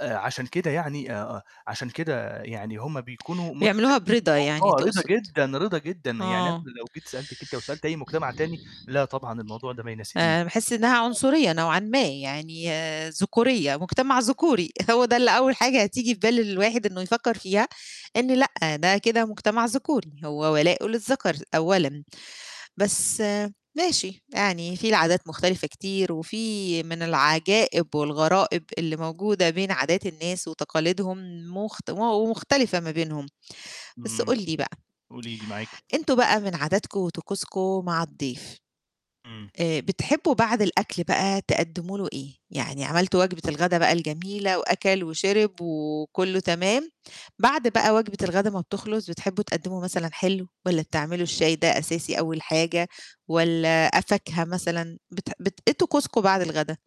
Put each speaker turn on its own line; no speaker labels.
آآ، عشان كده يعني آآ، عشان كده يعني هم بيكونوا
بيعملوها
متفهمين
برِضا يعني
الموضوع رضا
تقصد،
جدًا رضا جدًا يعني
آه.
أنا لو جيت سألتِك أنتِ أو سألت أي مجتمع تاني، لأ طبعًا الموضوع ده ما يناسبني.
آآ، باحس إنها
[unintelligible]
عنصرية نوعًا ما يعني ذكورية، مجتمع ذكوري هو ده اللي أول حاجة تيجي في بالي الواحد إنه يفكّر فيها، إن لأ، ده كده مجتمع ذكوري، هو ولاءُه للذَكَر أولًا، بس ماشي يعني في العادات مختلفة كتير، وفي من العجائب والغرائب اللي موجودة بين عادات الناس وتقاليدهم، مخت ومختلفة ما بينهم، بس
إمم،
قُل لي بقى
قولي لي، معاكِ.
أنتم بقى من عاداتكم وطقوسكم مع الضيف،
امم.
آآ، بتحبّوا بعد الأكل بقى تقدّموا له إيه؟ يعني عملتوا وجبة الغدا بقى الجميلة وأَكَل وشِرِب وكُلّه تمام، بعد بقى وجبة الغدا ما بتخلص، بتحبوا تقدِّموا مثلًا حلو؟ والَّا بتعملوا الشاي ده أساسي أول حاجة والَّا فاكهة مثلًا بت بت إيه طقوسكم بعد الغدا؟